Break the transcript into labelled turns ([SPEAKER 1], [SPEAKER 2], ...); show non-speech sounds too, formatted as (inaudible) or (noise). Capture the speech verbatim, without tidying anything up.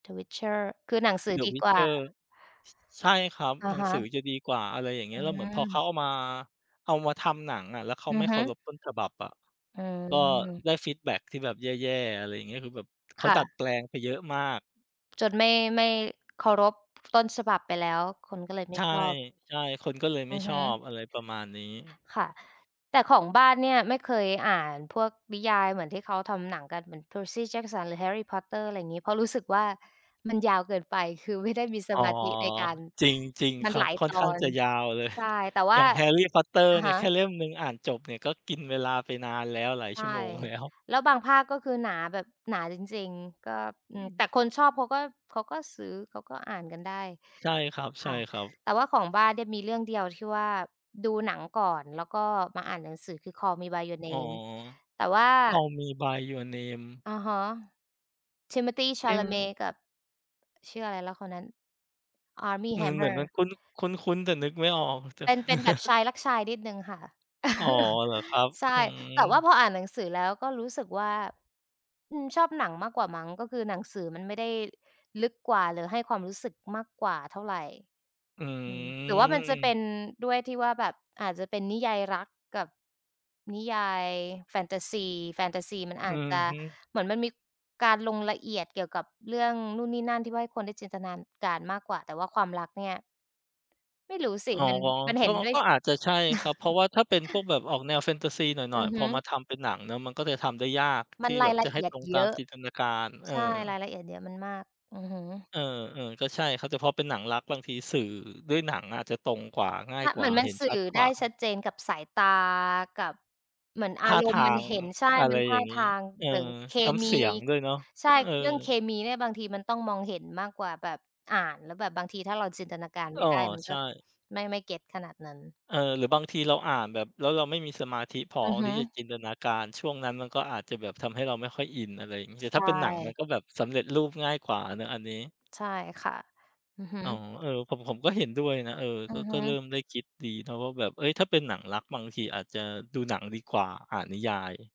[SPEAKER 1] The Witcher คือหนังสือ
[SPEAKER 2] The
[SPEAKER 1] ดีกว่
[SPEAKER 2] Witcher
[SPEAKER 1] า
[SPEAKER 2] ช ใช่ครับ
[SPEAKER 1] อะ
[SPEAKER 2] หนั
[SPEAKER 1] ฮ
[SPEAKER 2] ง
[SPEAKER 1] ะ
[SPEAKER 2] สือจะดีกว่า อะไรอย่างเง
[SPEAKER 1] อ
[SPEAKER 2] ี
[SPEAKER 1] ื
[SPEAKER 2] ้ย แล้วเหมือนพอเขา
[SPEAKER 1] ม
[SPEAKER 2] เอามา เอามาทำหนังอะ แล้วเขา
[SPEAKER 1] อื
[SPEAKER 2] ไม
[SPEAKER 1] อ
[SPEAKER 2] ่
[SPEAKER 1] ฮ
[SPEAKER 2] เค
[SPEAKER 1] ึ
[SPEAKER 2] ารพต้นฉบับอะ
[SPEAKER 1] อื
[SPEAKER 2] ก็
[SPEAKER 1] ม
[SPEAKER 2] ได้ฟีดแบ็กที่แบบแย่ ๆ อะไรอย่างเงี้ย คือแบบ เข
[SPEAKER 1] ค
[SPEAKER 2] า
[SPEAKER 1] ่
[SPEAKER 2] ดัด
[SPEAKER 1] ะ
[SPEAKER 2] แปลงไปเยอะมาก
[SPEAKER 1] จนไม่ ไม่เคารพ ต้นฉบับไปแล้ว คนก็เลยไม
[SPEAKER 2] ใ
[SPEAKER 1] ่
[SPEAKER 2] ช่
[SPEAKER 1] ชอบ
[SPEAKER 2] ๆ คนก็เลย
[SPEAKER 1] อื
[SPEAKER 2] ไม่
[SPEAKER 1] อฮ
[SPEAKER 2] ช
[SPEAKER 1] ึ
[SPEAKER 2] อบ อะไรประมาณนี้
[SPEAKER 1] ค่ะ แต่ของบ้านเนี่ย ไม่เคยอ่านพวกนิยายเหมือนที่เขาทำหนังกันเหมือน Percy Jackson หรือ Harry Potter อะไรอย่างงี้ เพราะรู้สึกว่า มันยาวเกินไป คือไม่ได้มีส
[SPEAKER 2] อ๋อ
[SPEAKER 1] มาธิในการ
[SPEAKER 2] จริง จริง
[SPEAKER 1] มั
[SPEAKER 2] ค
[SPEAKER 1] น
[SPEAKER 2] รั
[SPEAKER 1] หล
[SPEAKER 2] บ
[SPEAKER 1] าย
[SPEAKER 2] ค่
[SPEAKER 1] ต
[SPEAKER 2] อน
[SPEAKER 1] อ
[SPEAKER 2] ข้าง
[SPEAKER 1] น
[SPEAKER 2] จะยาวเลย
[SPEAKER 1] ใช่
[SPEAKER 2] (chuckles)
[SPEAKER 1] แต่ว
[SPEAKER 2] อ
[SPEAKER 1] ่
[SPEAKER 2] ย
[SPEAKER 1] า
[SPEAKER 2] ่าง Harry Potter
[SPEAKER 1] อะ
[SPEAKER 2] เนี
[SPEAKER 1] ฮ
[SPEAKER 2] ่ย
[SPEAKER 1] ะ
[SPEAKER 2] แค่เล่มหนึ่งอ่านจบเนี่ย ก็กินเวลาไปนานแล้ว หลาย
[SPEAKER 1] ใช
[SPEAKER 2] ชั
[SPEAKER 1] ่
[SPEAKER 2] ่วโมง แล้ว
[SPEAKER 1] แล้วบางภาคก็คือหนาแบบ หนาจริง ๆ ก็ อื
[SPEAKER 2] อ
[SPEAKER 1] ม แต่
[SPEAKER 2] ืม
[SPEAKER 1] คนชอบเขาก็ เขาก็ซื้อ เขาก็อ่านกันได้
[SPEAKER 2] ใช่คร
[SPEAKER 1] ค่ะ
[SPEAKER 2] ับ ๆ
[SPEAKER 1] แต่ว่าของบ้านเดี่ย มีเรื่องเดียวที่ว่าดูหนังก่อน แล้วก็มาอ่านหนังสือคือ Call Me by Your
[SPEAKER 2] อ๋อ
[SPEAKER 1] Name แต่ว่า
[SPEAKER 2] Call Me by Your Name
[SPEAKER 1] อะฮะ Timothée
[SPEAKER 2] เอ๊
[SPEAKER 1] Chalamet
[SPEAKER 2] ะ
[SPEAKER 1] กับ ชื่ออะไรแล้วคนนั้น Armie
[SPEAKER 2] อืม เหมือน
[SPEAKER 1] Hammer
[SPEAKER 2] มันคุ้น คุ้น ๆ แต่นึกไม่ออก แต่
[SPEAKER 1] เป็น เป็นแบบช
[SPEAKER 2] (chuckles)
[SPEAKER 1] ายรักชายนิดหนึ่งค่ะ
[SPEAKER 2] อ๋อ
[SPEAKER 1] (chuckles)
[SPEAKER 2] เหรอครับ
[SPEAKER 1] ใช
[SPEAKER 2] อ
[SPEAKER 1] ่
[SPEAKER 2] ื
[SPEAKER 1] แต่ว่า
[SPEAKER 2] ม
[SPEAKER 1] พออ่านหนังสือแล้วก็รู้สึกว่า อืม ชอบหนังมากกว่ามั้ง ก็คือหนังสือมันไม่ได้ลึกกว่า หรือให้ความรู้สึกมากกว่าเท่าไร
[SPEAKER 2] อื
[SPEAKER 1] อืม หรือ ว่ามันจะเป
[SPEAKER 2] อ
[SPEAKER 1] ็นด้วยที่ว่าแบบอาจจะเป็นนิยายรักกับนิยาย แฟนทาซี แฟนทาซีมันอ
[SPEAKER 2] อื
[SPEAKER 1] าจ
[SPEAKER 2] อ
[SPEAKER 1] จะ
[SPEAKER 2] ฮึ
[SPEAKER 1] เหมือนมันมีการลงละเอียดเกี่ยวกับเรื่องนู่นนี่นั่น ที่ว่าให้คนได้จินตนานการ มากกว่า แต่ว่าความรักเนี่ย ไม่รู้สิ
[SPEAKER 2] อ๋อ
[SPEAKER 1] มัน มันเห
[SPEAKER 2] ก
[SPEAKER 1] ็
[SPEAKER 2] ็ อ
[SPEAKER 1] นด้วย
[SPEAKER 2] ก็อาจจะใช่ครับ
[SPEAKER 1] ช
[SPEAKER 2] เพราะ
[SPEAKER 1] (chuckles)
[SPEAKER 2] ว่าถ้าเป็นพวกแบบออกแนวแฟนทาซีหน
[SPEAKER 1] อ
[SPEAKER 2] ่
[SPEAKER 1] ื
[SPEAKER 2] อย
[SPEAKER 1] อ
[SPEAKER 2] ๆ
[SPEAKER 1] ฮ
[SPEAKER 2] พอมา
[SPEAKER 1] ึ
[SPEAKER 2] ทำเป็นหนังเนาะ มันก็จะทำได้ยาก
[SPEAKER 1] มั
[SPEAKER 2] ท
[SPEAKER 1] น
[SPEAKER 2] ี่
[SPEAKER 1] ร
[SPEAKER 2] แบ
[SPEAKER 1] าย
[SPEAKER 2] บ
[SPEAKER 1] ล
[SPEAKER 2] จ
[SPEAKER 1] ะ
[SPEAKER 2] ะใ
[SPEAKER 1] เ
[SPEAKER 2] ห
[SPEAKER 1] อ
[SPEAKER 2] ้
[SPEAKER 1] ีย
[SPEAKER 2] ต
[SPEAKER 1] ด
[SPEAKER 2] รง
[SPEAKER 1] เ
[SPEAKER 2] ต
[SPEAKER 1] ย
[SPEAKER 2] าม
[SPEAKER 1] อะ
[SPEAKER 2] จินตนาการ เอ
[SPEAKER 1] ใช
[SPEAKER 2] อ
[SPEAKER 1] ่ รายละเอียดเยอะ มันมาก อือฮึ
[SPEAKER 2] เออ ๆ ก็ใช่ครับ แต่พอเป็นหนังรัก บางทีสื่อด้วยหนังอะจะตรงกว่า ง่า
[SPEAKER 1] ช
[SPEAKER 2] ยก
[SPEAKER 1] เ
[SPEAKER 2] ว
[SPEAKER 1] หม
[SPEAKER 2] ่
[SPEAKER 1] ื
[SPEAKER 2] า
[SPEAKER 1] อนมั
[SPEAKER 2] เห
[SPEAKER 1] น
[SPEAKER 2] ็น
[SPEAKER 1] สื
[SPEAKER 2] ช
[SPEAKER 1] ่
[SPEAKER 2] ั
[SPEAKER 1] อ
[SPEAKER 2] ดก
[SPEAKER 1] ไ
[SPEAKER 2] ว
[SPEAKER 1] ด
[SPEAKER 2] ่
[SPEAKER 1] ้
[SPEAKER 2] า
[SPEAKER 1] ชัดเจนกับสายตา กับ เหมือนอ
[SPEAKER 2] ท่
[SPEAKER 1] า
[SPEAKER 2] า
[SPEAKER 1] ร
[SPEAKER 2] ท
[SPEAKER 1] มณ
[SPEAKER 2] า
[SPEAKER 1] ์มัน
[SPEAKER 2] ง
[SPEAKER 1] เห็น ใช่
[SPEAKER 2] อ อะ
[SPEAKER 1] ม
[SPEAKER 2] ไร
[SPEAKER 1] ันท
[SPEAKER 2] อย
[SPEAKER 1] ่
[SPEAKER 2] ่
[SPEAKER 1] า
[SPEAKER 2] างง
[SPEAKER 1] ท
[SPEAKER 2] ี้
[SPEAKER 1] าง
[SPEAKER 2] เออ
[SPEAKER 1] หรือเค
[SPEAKER 2] ส น้ำ
[SPEAKER 1] มี
[SPEAKER 2] เสียงด้วยเนาะ
[SPEAKER 1] ใช่
[SPEAKER 2] เอ
[SPEAKER 1] เรื่องเค
[SPEAKER 2] อ
[SPEAKER 1] มีเนี่ย บางทีมันต้องมองเห็นมากกว่าแบบอ่าน แล้วแบบบางทีถ้าเราจินตนาการไ
[SPEAKER 2] อ
[SPEAKER 1] ม
[SPEAKER 2] ้
[SPEAKER 1] ่
[SPEAKER 2] อ
[SPEAKER 1] ได้ มัน
[SPEAKER 2] ใช
[SPEAKER 1] ก็
[SPEAKER 2] ่
[SPEAKER 1] ไม่ ไม่ get ขนาดนั้น
[SPEAKER 2] เออ หรือบางทีเราอ่านแบบ แล้วเราไม่มีสมาธิพอ
[SPEAKER 1] อือฮ
[SPEAKER 2] ที
[SPEAKER 1] ึ
[SPEAKER 2] ่จะจินตนาการ ช่วงนั้นมันก็อาจจะแบบทำให้เราไม่ค่อยอิน อะไรอย่างงี้
[SPEAKER 1] ใช
[SPEAKER 2] แต่ถ้าเป็นหนังมัน
[SPEAKER 1] ่
[SPEAKER 2] ก็แบบสำเร็จรูปง่ายกว่าเนาะอันนี้
[SPEAKER 1] ใช่ค่ะ อือฮึ
[SPEAKER 2] อ๋อ เออ ผม ผมก็เห็นด้วยนะ เออ
[SPEAKER 1] อื
[SPEAKER 2] ก็
[SPEAKER 1] อฮ
[SPEAKER 2] ก็เริ
[SPEAKER 1] ึ
[SPEAKER 2] ่มได้คิดดีนะว่าแบบ เฮ้ย ถ้าเป็นหนังรักบางทีอาจจะดู หนังดีกว่าอ่านนิยาย